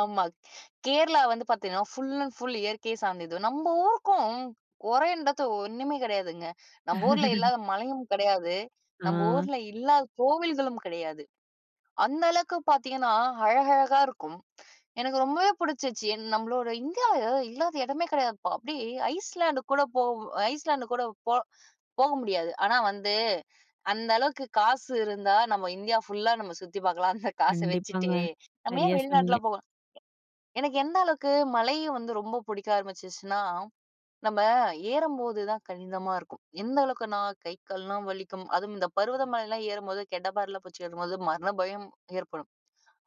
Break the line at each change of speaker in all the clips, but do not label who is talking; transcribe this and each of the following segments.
ஆமா. கேரளா வந்து பார்த்தீங்கன்னா, ஃபுல் அண்ட் ஃபுல் இயற்கையை சார்ந்தது. நம்ம ஊருக்கும் குறைன்றது ஒண்ணுமே கிடையாதுங்க. நம்ப ஊருல இல்லாத மலையும் கிடையாது, நம்ம
அ.
ஊருல இல்லாத கோவில்களும் கிடையாது. அந்த அளவுக்கு பார்த்தீங்கன்னா, அழகழகா இருக்கும். எனக்கு ரொம்பவே புடிச்சுச்சு, என் நம்மளோட இந்தியா இல்லாத இடமே கிடையாதுப்பா, அப்டி ஐஸ்லேண்ட் கூட போ ஐஸ்லேண்ட் கூட போ போக முடியாது. ஆனா வந்து, அந்த அளவுக்கு காசு இருந்தா நம்ம இந்தியா ஃபுல்லா நம்ம சுத்தி பார்க்கலாம். அந்த காச வச்சுட்டு.
கண்டிப்பாங்க.
நம்ம ஏன்
சரியா
வெளிநாட்ல
சொன்னீங்க.
போகணும். எனக்கு எந்த அளவுக்கு மலையும் வந்து ரொம்ப புடிக்க ஆரம்பிச்சுச்சுனா, நம்ம ஏறும்போது தான் கடினமா இருக்கும். எந்த அளவுக்குனா, கை, கால்லாம் வலிக்கும். அதுவும் இந்த பருவத மலையெல்லாம் ஏறும்போது கடப்பாறயபுடிச்சு ஏறும்போது மரண பயம் ஏற்படும்.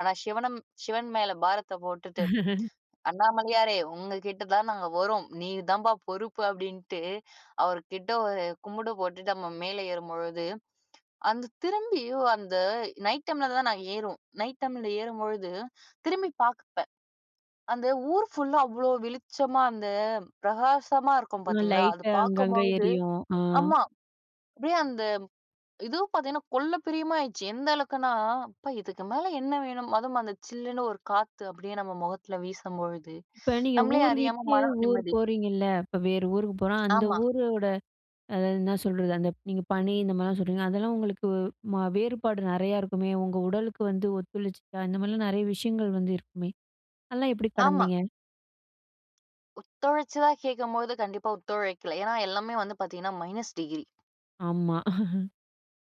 ஆனா, சிவன சிவன் மேல பாரத்த போட்டுட்டு, "அண்ணாமலையாரே உங்க கிட்ட தான் நாங்க வரோம்! நீ தான்பா பொறுப்பு!" அப்டின்ட்டு அவர் கிட்ட ஒரு கும்புடு போட்டுட்டு நம்ம மேல ஏறும்பொழுது, அந்த திரும்பி அந்த நைட் டைம்ல தான் நாங்க ஏறுவோம். நைட் டைம்ல ஏறும்பொழுது, திரும்பி பாப்பேன் அந்த ஊர் ஃபுல்லா அவ்வளோ வெளிச்சமா அந்த பிரகாசமா இருக்கும்
அ
பார்த்தீங்களா? அது
லைட் அங்கங்க
பார்க்கும்போது,
எரியும். அ.
ஆமா அப்டியே அந்த இதுவும் பார்த்தீங்கன்னா, கொள்ள பிரியமா ஆயிடுச்சு. எந்த அளவுக்குனா, அப்பா இதுக்கு மேல என்ன வேணும், அதுவும் அந்த சில்லுனு ஒரு காத்து அப்டியே நம்ம மொகத்தில வீசும்பொழுது
இப்ப நீங்க
நம்மளே
ஊர்
அறியாம
விட்டு,
மனம்
ஊர்
நிம்மதி
போறீங்கள்ல, இப்ப வேறு ஊருக்கு போனா, அந்த
ஆமா.
ஊரோட அதாவது என்ன சொல்றது, அந்த நீங்க பனி இந்த மாரிலாம் சொல்றீங்க அதெல்லாம் உங்களுக்கு மா வேறுபாடு நெறையா இருக்குமே, உங்க உடலுக்கு வந்து ஒத்துழைச்சுச்சா? இந்த மாரிலாம் நெறைய விஷயங்கள் வந்து இருக்குமே? அதெல்லாம் எப்படி
ஆமா.
கடந்தீங்க?
ஒத்துழைச்சதா கேட்கும்போது கண்டிப்பா ஒத்துழைக்கல. ஏனா, எல்லாமே வந்து பார்த்தீங்கன்னா மைனஸ் டிகிரி!
ஆமா.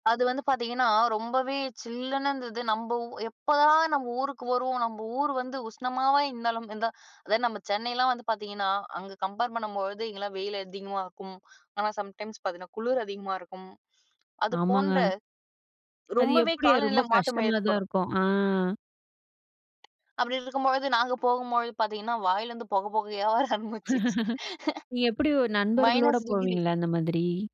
அது வந்து பார்த்தீங்கன்னா, ரொம்பவே சில்லுன்னு இருந்தது. நம்போ எப்பதான் நம்ம ஊருக்கு வருவோம், நம்ம ஊர் வந்து உஷ்ணமாவே இருந்தாலும், இந்தா அதாவது நம்ம சென்னைலாம் வந்து பார்த்தீங்கன்னா, அங்க கம்பேர் பண்ணும்பொழுது, இங்கலாம் வெயில் அதிகமா இருக்கும். ஆனா, சம்டைம்ஸ் பார்த்தீங்கன்னா, குளுர் அதிகமா இருக்கும். அது போன்ற
ஆமாங்க. அது
ரொம்பவே
எப்புடி அரு
காலநில
ரொம்ப
மாற்றம்
கஷ்டமா தான்
ஏற்படும்.
இருக்கும். அ.
அப்டி இருக்கும்பொழுது நாங்க போகும்பொழுது பார்த்தீங்கன்னா, வாயிலருந்து பொக பொகயா வர ஆரம்பிச்சுச்சு!
நீங்க எப்டி நண்பர்களோட
மைனஸ் டிகிரி.
போவீங்களா இந்த மாதிரி?